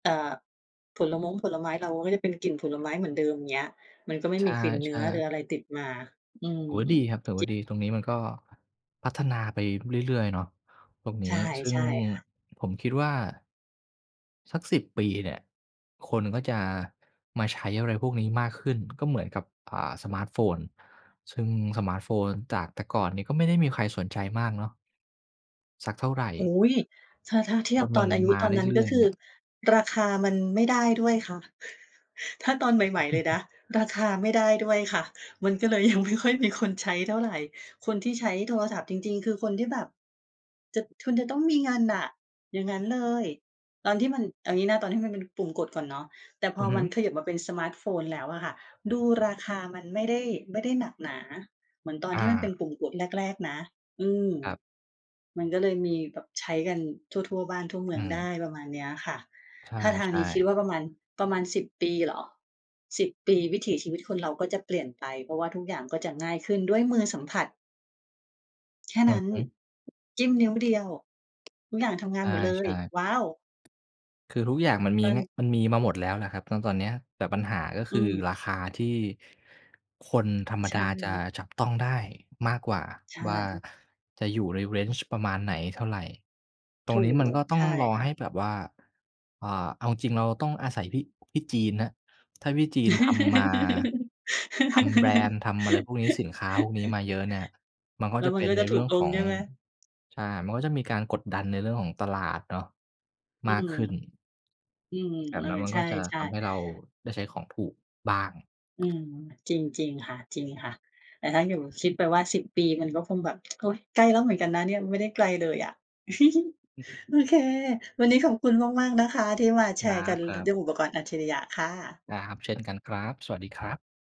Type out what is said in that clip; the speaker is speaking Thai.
เอ่อ ผลม้งผลไม้เราก็จะเป็นกลิ่นผลไม้เหมือนเดิม เงี้ย มันก็ไม่ใชมีกลิ่นเนื้่ อ หรือๆ อะไรติดมา อืถืม อว่าดีครับ ถือวจ่ิบ าดี ตรงนี้มันก็ พัฒนาไปเรื่อย ๆ เนาะตรงนใชี้ ่ ซึ่ใงช่ค่ะ ผมคิดว่า สัก 10 ปีเนี่ยคนก็จะมาใช้อะไรพวกนี้มากขึ้น ก็เหมือนกับ อ่า สมาร์ตโฟน ซึ่งสมาร์ตโฟนจากแต่ก่อนนี้ก็ไม่ได้มีใครสนใจมากเนาะ สักเท่าไร อุ๊ย ถ้า ถ้าเทีจยบนมตัอนนอายุมาตอนนั้น เรืก่็อย คๆ ืเอนี่ย ราคามันไม่ได้ด้วยค่ะ ถ้าตอนใหม่ ๆ เลยนะ ราคาไม่ได้ด้วยค่ะ มันก็เลยยังไม่ค่อยมีคนใช้เท่าไร คนที่ใช้โทรศัพท์จริง ๆ คือคนที่แบบ จะ คุณจะต้องมีเงินน่ะ อย่างงั้นเลย ตอนที่มัน เอางี้นะ ตอนที่มันเป็นปุ่มกดก่อนเนาะ แต่พอืออฮมึ ันเขยิบมาเป็นสมาร์ตโฟนแล้วอะค่ะ ดูราคามันไม่ได้ ไม่ได้หนักหนาเหมือนตอนอที่มันเป็า นปุ่มกดแรก ๆ นะ อืม ครับ มันก็เลยมีแบบใช้กันทั่ว ๆ บ้านทั่วเมือืองไดม ้ ประมาณเนี้ยค่ะ ใถ้าทางชนี้่ คิดวๆ ่าประมาณ ประมาณ 10 ปีเหรอ 10 ปีวิถีชีวิตคนเราก็จะเปลี่ยนไป เพราะว่าทุกอย่างก็จะ ง่ายขึ้นด้วยมือสัมผัส แค่อืนัอ้น ฮึ จิ้มนิ้วเดียว ทุกอย่างทำงใานหมดเลชย ่ ว้าว! ๆ คือทุกอย่างมันมี ตอแงน ะ มันมีมาหมด แล้วแหละครับ ซึ่งตอนเนี้ย แต่ปัญหาก็คอืือม ราคาที่คนธรรมใชดา่ จะจับต้องได้มากกว่า ใชว่า่ จะอยู่ใน Range ประมาณไหนเท่าไร ตรถงูนี้มันก ก็ต้ใอชง่รอค่ให้ะ แบบว่า อ่า เอาจริงเราต้องอาศัยพี่ พี่จีนครับ ถ้าพี่จีนทำมา ทำแบรนด์ ทำอะไรพวกนี้ สินค้าพวกนี้มาเยอะเนี่ย มันก็แล้จะวมเัปน็กน็ใจนะเถรูื่กองลขง อง ใช่ไหม? ใช่ มันก็จะมีการกดดันในเรื่องของตลาดเนาะอืมากม ขึ้น อืม แบเบออ นั้นมันใชก็จะท่ ำใๆ ห้เราได้ใช้ของถูกบ้าง อืม จริง จริงค่ะ จริงค่ะ แต่ถ้าอยู่ คิดไปว่า 10 ปีมันก็คงแบบ โอ๊ย ใกล้แล้วเหมือนกันนะเนี่ย ไม่ได้ไกลเลยอะ อือ โอเค วันนี้ขอบคุณมาก ๆ นะคะที่มาแคชรัร์กัน ล บ ด้ๆ วยอุปกรณ์อัจฉริยะค่ะ ได้ครับ เช่นกันครับ สวัสดีครับ